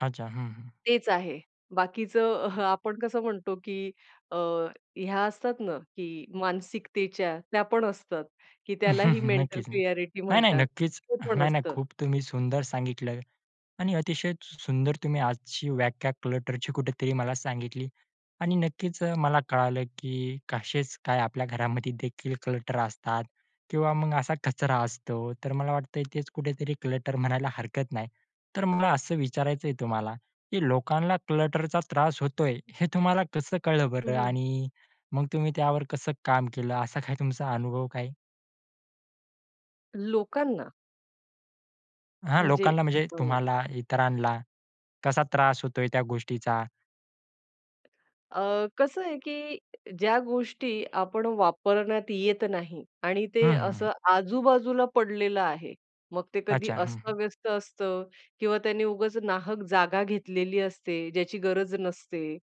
अच्छा. हं, हं. तेच आहे. बाकीचं अहं, आपण कसं म्हणतो, की अ, ह्या असतात ना? की मानसिकतेच्या, त्या पण असतात, की त्यालाही मेंटल नक्कीच ना, क्लिअरिटी नाही-नाही, म्हणतात. नक्कीच. ते पण नाही-नाही असतं. खूप तुम्ही सुंदर सांगितलं आणि अतिशय सुं सुंदर तुम्ही आजची व्याख्या क्लटरची कुठेतरी मला सांगितली आणि नक्कीच मला कळालं, की कसेच काय, आपल्या घरामध्ये देखील क्लटर असतात किंवा मग असा कचरा असतो. तर मला वाटतयं तेच कुठेतरी क्लटर म्हणायला हरकत नाही. तर मला असं विचारायचंय तुम्हाला? की लोकांना क्लटरचा त्रास होतोय. हे तुम्हाला कसं कळलं हं, बरं? हं. आणि मग तुम्ही त्यावर कसं काम केलं? असा काय तुमचा अनुभव काय? लोकांना. हा, म्हणजे, लोकांना म्हणजे अ, तुम्हाला, इतरांना, कसा त्रास होतोय त्या गोष्टीचा? अ, कसं आहे की ज्या गोष्टी आपण वापरण्यात येत नाही आणि ते हं, हं, हं. असं आजूबाजूला पडलेलं आहे. मग ते कधी अच्छा. हं, हं. अस्त-व्यस्त असतं किंवा त्यानी उगाच नाहक जागा घेतलेली असते. ज्याची गरज नसते.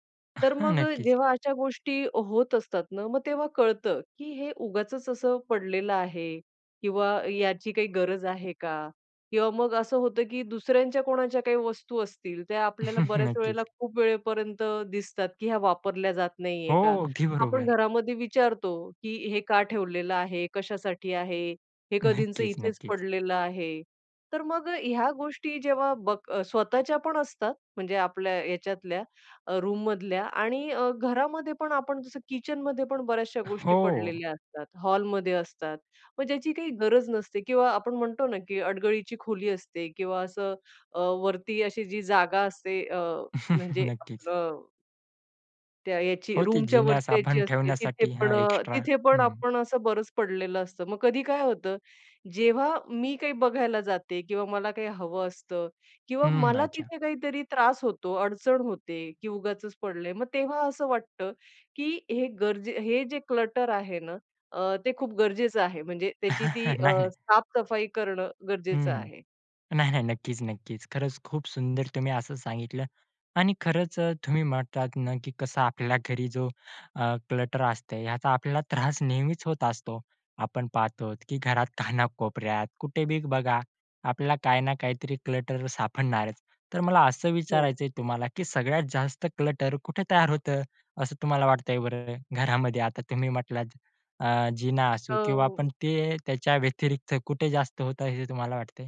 तर मग नक्कीच. जेव्हा अशा गोष्टी होत असतात ना, मग तेव्हा कळतं, की हे उगाचच असं पडलेलं आहे किंवा याची काही गरज आहे का? किंवा मग असं होतं, की दुसऱ्यांच्या कोणाच्या काही वस्तू असतील, त्या आपल्याला बऱ्याच वेळेला नक्कीच. खूप वेळेपर्यंत दिसतात, की ह्या वापरल्या जात हो, नाहीये का? अगदी आपण बरोबर. घरामध्ये विचारतो की "हे का ठेवलेलं आहे? कशासाठी आहे? हे कधींचं नक्कीच, इथेच नक्कीच. पडलेलं आहे." तर मग ह्या गोष्टी जेव्हा बघ स्वतःच्या पण असतात म्हणजे आपल्या ह्याच्यातल्या रूममधल्या आणि अ, घरामध्ये पण आपण जसं किचनमध्ये पण बऱ्याचशा गोष्टी हो. पडलेल्या असतात. हॉलमध्ये असतात. मग ज्याची काही गरज नसते किंवा आपण म्हणतो ना, की अडगळीची खोली असते किंवा असं अ, वरती अशी जी जागा असते. अ, म्हणजे नक्कीच. आपलं त्या याची हो, ती रूमच्या जिन्यास वरती जायची आपण असते. तिथे ठेवण्यासाठी. हा, पण अ, एक्स्ट्रा तिथे पण हं. आपण असं बरंच पडलेलं असतं. मग कधी काय होतं? जेव्हा मी काही बघायला जाते किंवा मला काही हवं असतं किंवा हम्म, मला अच्छा. तिथे काहीतरी त्रास होतो, अडचण होते, की उगाचच पडलंय. मग तेव्हा असं वाटतं की हे गरजे हे जे क्लटर आहे ना? अ, ते खूप गरजेचं आहे म्हणजे त्याची ती अ, नाही ना. साफ-सफाई करणं हं, गरजेचं हं. आहे. नाही, नाही. नक्कीच, नक्कीच, खरंच खूप सुंदर तुम्ही असं सांगितलं आणि खरंच तुम्ही म्हटलात ना, की कसं आपल्या घरी जो अ, क्लटर असते. याचा आपल्याला त्रास नेहमीच होत असतो. आपण पाहतोत की घरात कानाकोपऱ्यात कुठे बी बघा, आपल्याला काय ना काहीतरी क्लटर सापडणारच. तर मला असं हो. विचारायचंय तुम्हाला, की सगळ्यात जास्त क्लटर कुठे तयार होतं? असं तुम्हाला वाटतंय बरं? घरामध्ये आता तुम्ही म्हटलात, अ, जिना अ, असू किंवा हो. आपण ते, त्याच्या व्यतिरिक्त कुठे जास्त होत आहे? हे तुम्हाला वाटतंय?